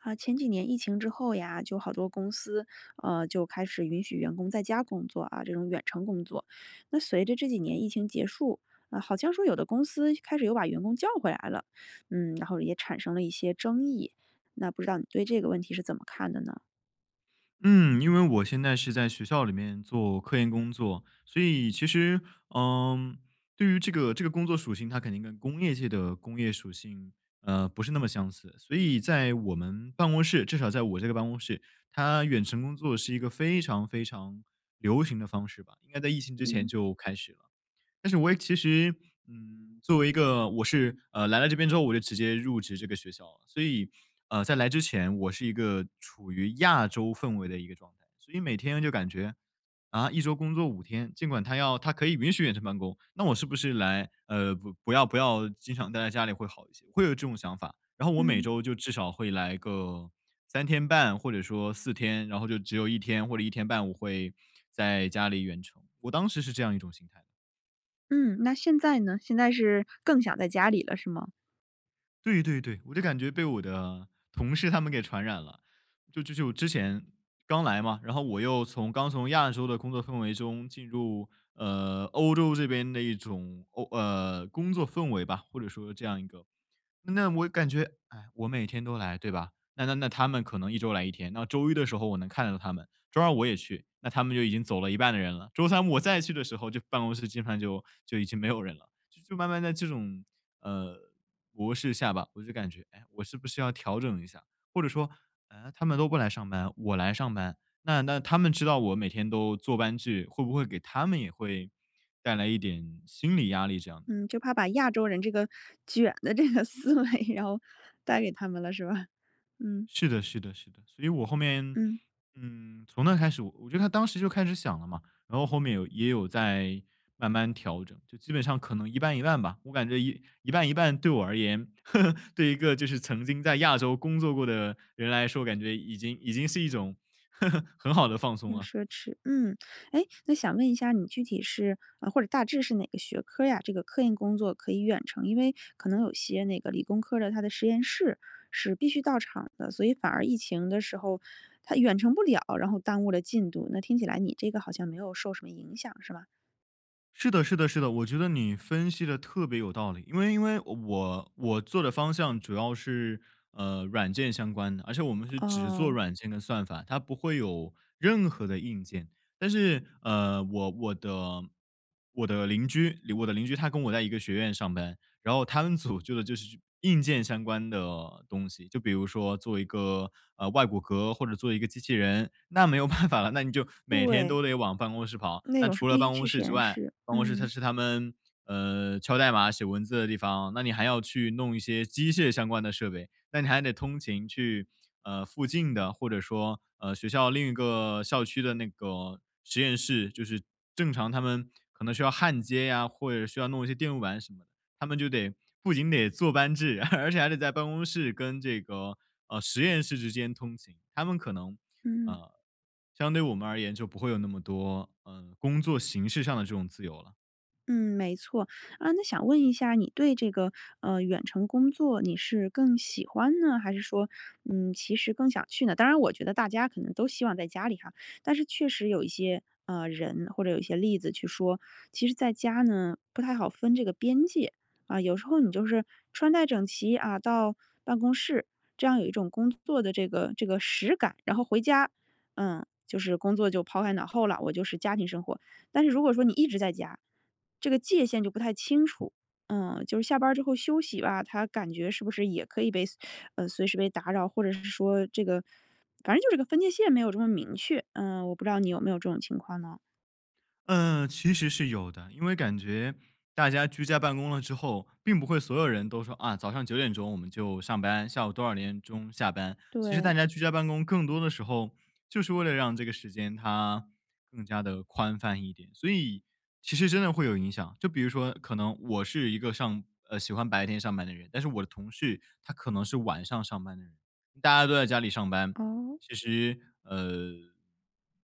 啊，前几年疫情之后呀，就好多公司，呃，就开始允许员工在家工作啊，这种远程工作。那随着这几年疫情结束，啊，好像说有的公司开始又把员工叫回来了。嗯，然后也产生了一些争议，那不知道你对这个问题是怎么看的呢？嗯，因为我现在是在学校里面做科研工作，所以其实，嗯，对于这个这个工作属性，它肯定跟工业界的工业属性，呃，不是那么相似。所以在我们办公室至少在我这个办公室，它远程工作是一个非常非常流行的方式吧，应该在疫情之前嗯。就开始了。但是我也其实，嗯，作为一个我是，呃，来到这边之后我就直接入职这个学校了，所以，呃，在来之前我是一个处于亚洲氛围的一个状态。所以每天就感觉啊？一周工作5天，尽管它要它可以允许远程办公，那我是不是来呃，不要不要经常待在家里会好一些？会有这种想法。然后我每嗯。周就至少会来个3.5或者说4天，然后就只有1天或者1.5我会在家里远程，我当时是这样一种心态。嗯，那现在呢？现在是更想在家里了，是吗？对对对，我就感觉被我的同事他们给传染了。就就就我之前，刚来嘛，然后我又从刚从亚洲的工作氛围中进入，呃，欧洲这边的一种，欧呃，工作氛围吧，或者说这样一个那我感觉，唉，我每天都来，对吧？那那那他们可能1周来1天。那周一的时候我能看到他们，周二我也去，那他们就已经走了一半的人了，周三我再去的时候就办公室基本上就就已经没有人了。就慢慢在这种，呃，模式下吧，我就感觉，“哎呀，我是不是要调整一下”，或者说，“嗯？他们都不来上班，我来上班，那那他们知道我每天都坐班制，会不会给他们也会带来一点心理压力”这样的。嗯，就怕把亚洲人这个卷的这个思维，然后带给他们了，是吧？嗯。是的是的是的，所以我后面，嗯。嗯，从那开始我觉得当时就开始想了嘛，然后后面有也有在慢慢调整。就基本上可能一半一半吧，我感觉一一半一半对我而言，对一个就是曾经在亚洲工作过的人来说，感觉已经已经是一种，很好的放松很了。奢侈。嗯，诶，那想问一下，你具体是或者大致是哪个学科儿呀？这个科研工作可以远程，因为可能有些那个理工科儿的，它的实验室是必须到场的，所以反而疫情的时候它远程不了，然后耽误了进度。那听起来你这个好像没有受什么影响，是吗？是的是的是的。我觉得你分析得特别有道理，因为因为我我做的方向主要是，呃，软件相关的，而且我们是只做哦。软件的算法，它不会有任何的硬件。但是，呃，我我的我的邻居我的邻居他跟我在一个学院上班。然后他们组做的就是硬件相关的东西，就比如说做一个，呃，外骨骼，或者做一个机器人，那没有办法了，那你就每天对。都得往办公室跑。那那种是除了必办须去公室实之验外室，办公室嗯。是他们嗯，敲代码写文字的地方，那你还要去弄一些机械相关的设备，那你还得通勤去呃，附近的或者说，呃，学校另一个校区的那个实验室，就是正常他们可能需要焊接呀，或者需要弄一些电路板什么的。他们就得不仅得坐班制，而且还得在办公室跟这个，呃，实验室之间通勤。他们可能，嗯。呃，相对我们而言就不会有那么多呃，工作形式上的这种自由了。嗯，没错。呃，那想问一下你对这个，呃，远程工作你是更喜欢呢，还是说，嗯，其实更想去呢？当然我觉得大家可能都希望在家里哈，但是确实有一些，呃人，或者有一些例子去说，其实在家呢，不太好分这个边界。啊，有时候你就是穿戴整齐，啊，到办公室，这样有一种工作的这个这个实感。然后回家，嗯，就是工作就抛开脑后了，我就是家庭生活。但是如果说你一直在家，这个界限就不太清楚，嗯。就是下班儿之后休息吧，它感觉是不是也可以被随呃，随时被打扰，或者是说这个反正就这个分界线没有这么明确，嗯，我不知道你有没有这种情况呢？呃，其实是有的。因为感觉大家居家办公了之后，并不会所有人都说，“啊，早上9点钟我们就上班，下午多少点钟下班“，其实大对。家居家办公更多的时候，就是为了让这个时间它更加地宽泛一点，所以其实真的会有影响。就比如说可能我是一个上呃，喜欢白天上班的人，但是我的同事他可能是晚上上班的人。大家都在家里上班，哦。其实，呃，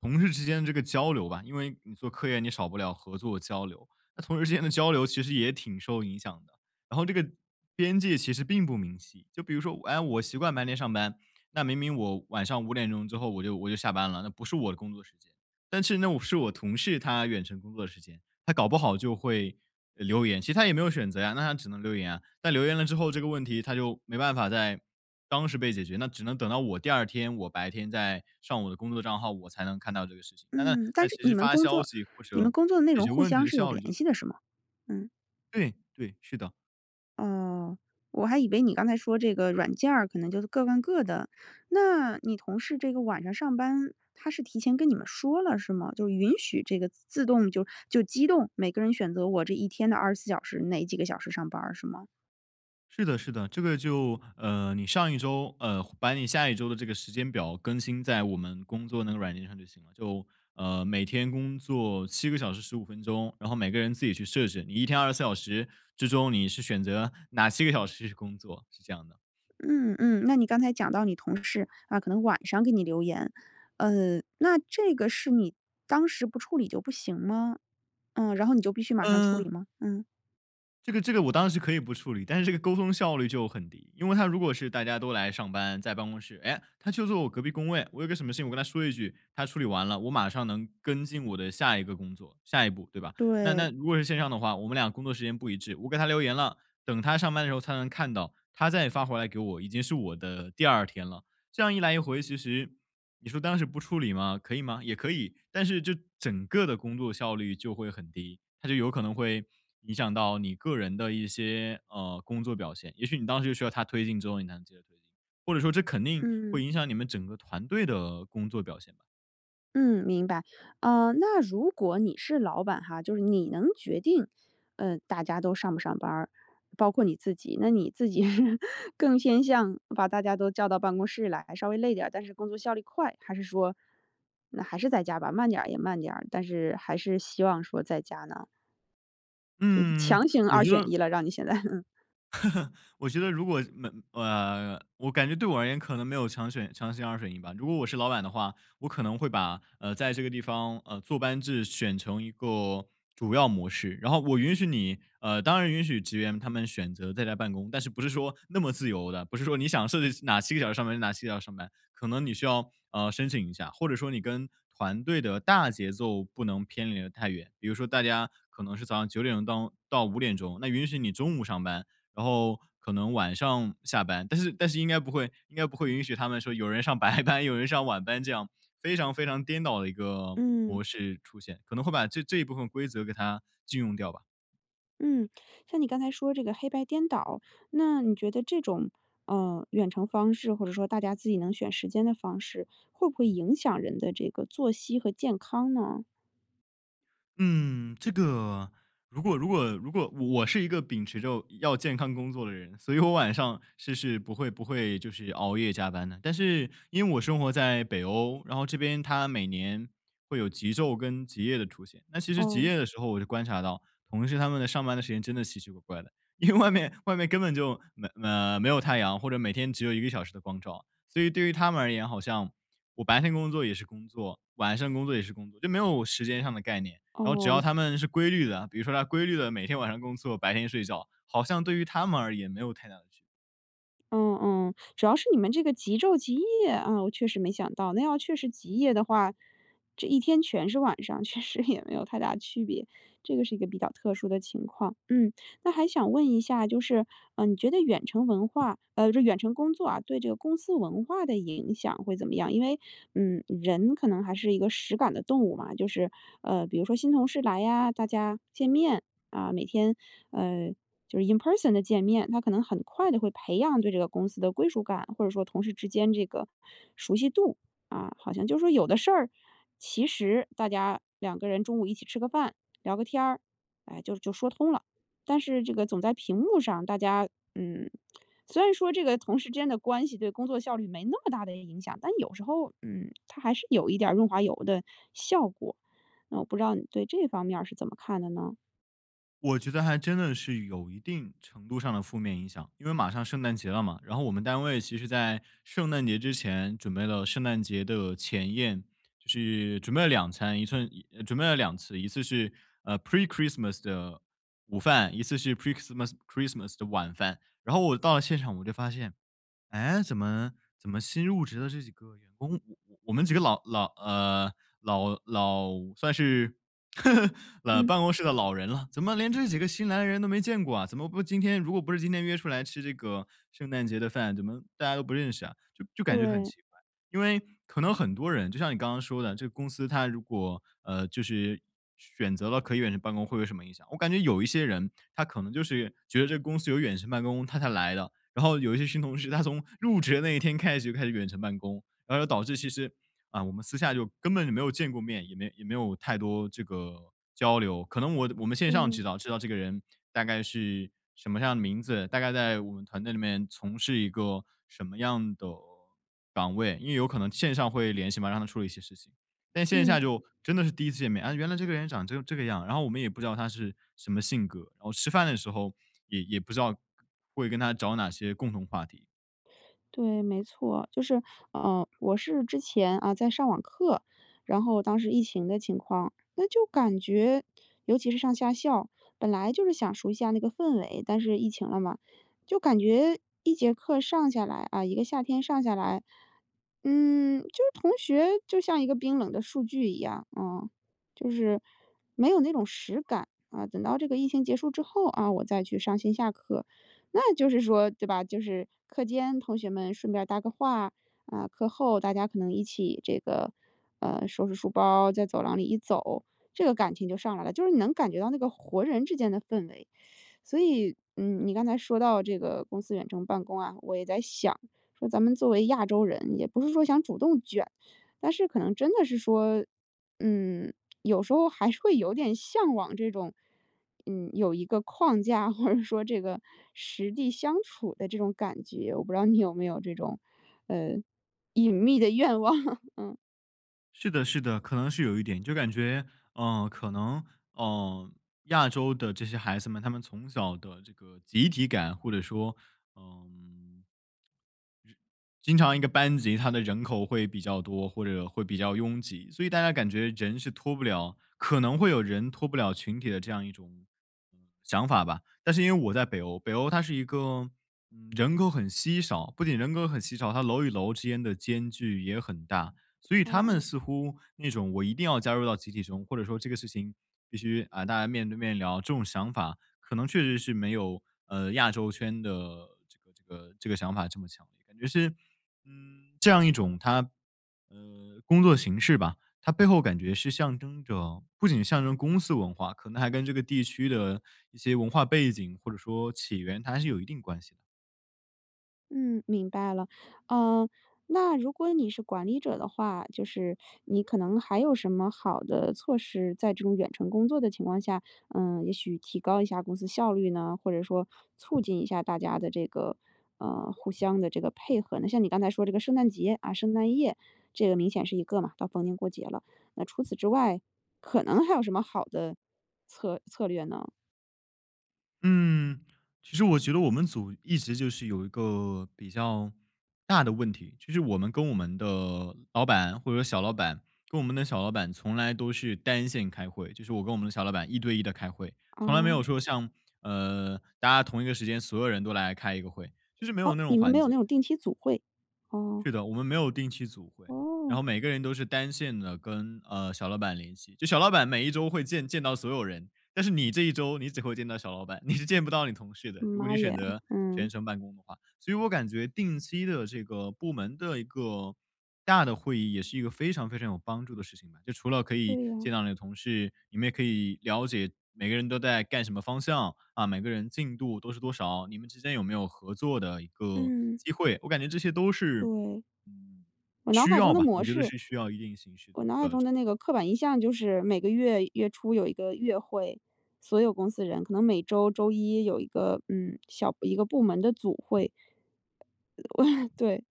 同事之间这个交流吧因为你做科研你少不了合作交流，那同事之间的交流其实也挺受影响的。然后这个边界其实并不明晰，就比如说，我哎，我习惯白天上班，那明明我晚上5点钟之后我就我就下班了，那不是我的工作时间。但其实那我是我同事他远程工作的时间，他搞不好就会，呃留言，其实他也没有选择呀，那他只能留言啊。但留言了之后，这个问题它就没办法在当时被解决，那只能等到我第二天我白天再上我的工作账号，我才能看到这个事情，那那嗯，那但是其你实们发工消作息或你们者工作的内解容决互问题相的是有效率就很联低。系的是吗？嗯。对对，是的。哦，我还以为你刚才说这个软件儿可能就是各干各的。那你同事这个晚上上班，他是提前跟你们说了，是吗？就允许这个自动就就机动，每个人选择我这一天的24小时，哪几个小时上班儿，是吗？是的是的，这个就呃，你上一周呃，把你下一周的这个时间表更新在我们工作那个软件上就行了。就呃，每天工作7个小时15分钟，然后每个人自己去设置，你一天24小时之中，你是选择哪7个小时去工作，是这样的。嗯嗯，那你刚才讲到你同事，啊，可能晚上给你留言，呃，那这个是你当时不处理就不行吗？嗯，然后你就必须马上处嗯理吗？嗯。这个这个我当时可以不处理，但是这个沟通效率就很低。因为他如果是大家都来上班，在办公室，诶，他就坐我隔壁工位，我有个什么事情我跟他说一句，他处理完了我马上能跟进我的下一个工作下一步，对吧？那对。那如果是线上的话，我们俩工作时间不一致，我给他留言了，等他上班的时候他能看到，他再发回来给我，已经我的第2天了。这样一来一回其实你说当时不处理吗？可以吗？也可以，但是这整个的工作效率就会很低，它就有可能会影响到你个人的一些，呃，工作表现。也许你当时需要他推进之后你才能接着推进，或者说这肯定嗯。会影响你们整个团队的工作表现吧。嗯，明白。呃，那如果你是老板哈，就是你能决定，呃，大家都上不上班儿，包括你自己，那你自己是更偏向把大家都叫到办公室来，稍微累点儿，但是工作效率快，还是说，那还是在家吧，慢点儿也慢点儿，但是还是希望说在家呢？呃，嗯，强 行我二觉选得一了，让你现在，嗯。我觉得如果嗯，呃，我感觉对我而言可能没有强选强行二选一吧，如果我是老板的话，我可能会把呃，在这个地方呃，坐班制选成一个主要模式。然后我允许你呃，当然允许职员他们选择在家办公，但是不是说那么自由地，不是说你想设置哪7个小时上班，哪7个小时上班，可能你需要，呃，申请一下或者说你跟团队的大节奏不能偏离得太远，比如说大家可能是早上9钟当到5钟，那允许你中午上班，然后可能晚上下班。但是但是应该不会应该不会允许他们说有人上白班，有人上晚班这样，非常非常颠倒的一个嗯。模式出现，可能会把这这一部分规则给它禁用掉吧。嗯，像你刚才说这个黑白颠倒，那你觉得这种，呃，远程方式或者说大家自己能选时间的方式，会不会影响人的这个作息和健康呢？嗯，这个，如果如果如果我是一个秉持着要健康工作的人，所以我晚上是是不会不会就是熬夜加班的。但是因为我生活在北欧，然后这边它每年会有极昼跟极夜的出现。那其实极哦。夜的时候我就观察到，同事他们的上班的时间真的奇奇怪怪的，因为外面外面根本就没呃，没有太阳，或者每天只有1个小时的光照。所以对于他们而言，好像我白天工作也是工作，晚上工作也是工作，就没有时间上的概念。然后只哦。要他们是规律的，比如说他规律地每天晚上工作，白天睡觉，好像对于他们而言没有太大的区别。嗯嗯，主要是你们这个极昼极夜啊，我确实没想到。那要确实极夜的话，这一天全是晚上，确实也没有太大区别。这个是一个比较特殊的情况。嗯，那还想问一下就是，呃，你觉得远程文化呃，这远程工作啊，对这个公司文化的影响会怎么样？因为，嗯，人可能还是一个实感的动物嘛，就是呃，比如说新同事来呀，大家见面，啊，每天呃，就是 in person 的见面，他可能很快地会培养对这个公司的归属感，或者说同事之间这个熟悉度，啊。好像就说有的事儿，其实大家两个人中午一起吃个饭，聊个天儿，哎，就就说通了。但是这个总在屏幕上，大家嗯，虽然说这个同事之间的关系对工作效率没那么大的影响，但有时候嗯，它还是有一点儿润滑油的效果。那我不知道你对这方面儿是怎么看的呢？我觉得还真的是有一定程度上的负面影响。因为马上圣诞节了嘛，然后我们单位其实在圣诞节之前准备了圣诞节的前宴，就是准备了2餐，一寸一准备了2次，一次是，呃，Pre-Christmas 的午饭，一次是 Pre-Christmas Christmas 的晚饭。然后我到了现场我就发现，诶，怎么怎么新入职的这几个员工，我们几个老老呃，老老算是，呃，嗯。办公室的老人了，怎么连这几个新来的人都没见过啊？怎么不今天如果不是今天约出来吃这个圣诞节的饭，怎么大家都不认识啊？就就感觉很对。奇怪。因为可能很多人，就像你刚刚说的，这个公司它如果呃，就是选择了可以远程办公，会有什么影响，我感觉有一些人他可能就是觉得这个公司有远程办公，他才来的。然后有一些新同事他从入职的那一天开始，就开始远程办公，然后就导致其实啊，我们私下就根本就没有见过面，也没也没有太多这个交流。可能我我们线上嗯。知道知道这个人大概是什么样的名字，大概在我们团队里面从事一个什么样的岗位，因为有可能线上会联系嘛，让他处理一些事情。但线下嗯。就真的是第1次见面，啊，原来这个人长这这个样，然后我们也不知道他是什么性格，然后吃饭的时候也也不知道会跟他找哪些共同话题。对，没错，就是呃，我是之前啊，在上网课，然后当时疫情的情况，那就感觉尤其是上夏校，本来就是想熟悉一下那个氛围，但是疫情了嘛，就感觉一节课上下来，啊一个夏天上下来，嗯，就是同学就像一个冰冷的数据一样，嗯，就是没有那种实感。啊，等到这个疫情结束之后，啊，我再去上线下课，那就是说对吧，就是课间同学们顺便搭个话，啊，课后大家可能一起这个呃，收拾书包，在走廊里一走，这个感情就上来了，就是你能感觉到那个活人之间的氛围。所以，嗯，你刚才说到这个公司远程办公啊，我也在想，说咱们作为亚洲人，也不是说想主动卷，但是可能真的是说，嗯，有时候还是会有点向往这种，嗯，有一个框架，或者说这个实地相处的这种感觉，我不知道你有没有这种，呃，隐秘的愿望。嗯。是的是的，可能是有一点，就感觉，呃，可能，呃，亚洲的这些孩子们，他们从小的这个集体感，或者说，嗯，经常一个班级它的人口会比较多，或者会比较拥挤，所以大家感觉人是脱不了可能会有人脱不了群体的这样一种，嗯，想法吧。但是因为我在北欧，北欧它是一个，嗯，人口很稀少，不仅人口很稀少，它楼与楼之间的间距也很大。所以他们嗯。似乎那种“我一定要加入到集体中”，或者说“这个事情必须，啊，大家面对面聊”这种想法，可能确实是没有呃，亚洲圈的这个这个这个想法这么强烈，感觉是，嗯，这样一种它呃，工作形式吧，它背后感觉是象征着不仅象征公司文化，可能还跟这个地区的一些文化背景或者说起源，它还是有一定关系的。嗯，明白了。呃，那如果你是管理者的话，就是你可能还有什么好的措施，在这种远程工作的情况下，呃也许提高一下公司效率呢？或者说促进一下大家的这个，呃，互相的这个配合呢？像你刚才说这个圣诞节，啊圣诞夜，这个明显是一个嘛，到逢年过节了。那除此之外，可能还有什么好的策策略呢？嗯，其实我觉得我们组一直就是有一个比较大的问题，就是我们跟我们的老板或者小老板跟我们的小老板从来都是单线开会，就是我跟我们的小老板1对1地开会。从来没有哦。说像，呃，大家同一个时间所有人都来开一个会，就是没有哦，那种你们没环有那节。种定期组会，哦。是的，我们没有定期组会。然哦。后每个人都是单线地跟呃，小老板联系。就小老板每一周会见见到所有人，但是你这1周你只会见到小老板，你是见不到你同事的，如果妈你选耶，择全嗯。程办公的话。所以我感觉定期的这个部门的一个大的会议也是一个非常非常有帮助的事情，就除了可以对呀。见到你的同事，你们也可以了解每个人都在干什么方向，啊，每个人进度都是多少，你们之间有没有合作的一个嗯。机会，我感觉这些都是，对。嗯，我脑需海要中的吧，模我觉得式是需要一定形式我脑海的，呃，这个中的那个刻板印象就是每个月月初有一个月会，所有公司人可能每周周一有一个，嗯，小一个部门的组会。对，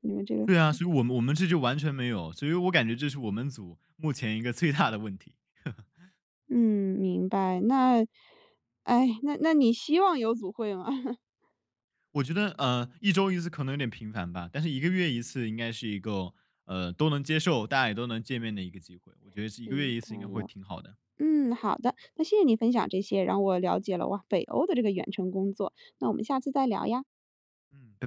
你们这个对啊，所以我们我们这就完全没有，所以我感觉这是我们组目前一个最大的问题。嗯，明白，那唉，那那你希望有组会吗？我觉得，呃，1周1次可能有点频繁吧。但是1个月1次应该是一个，呃，都能接受，大家也都能见面的一个机会。我觉得是1个月明1次应该白会了。挺好的。嗯，好的，那谢谢你分享这些，让我了解了哇，北欧的这个远程工作，那我们下次再聊呀。嗯，拜。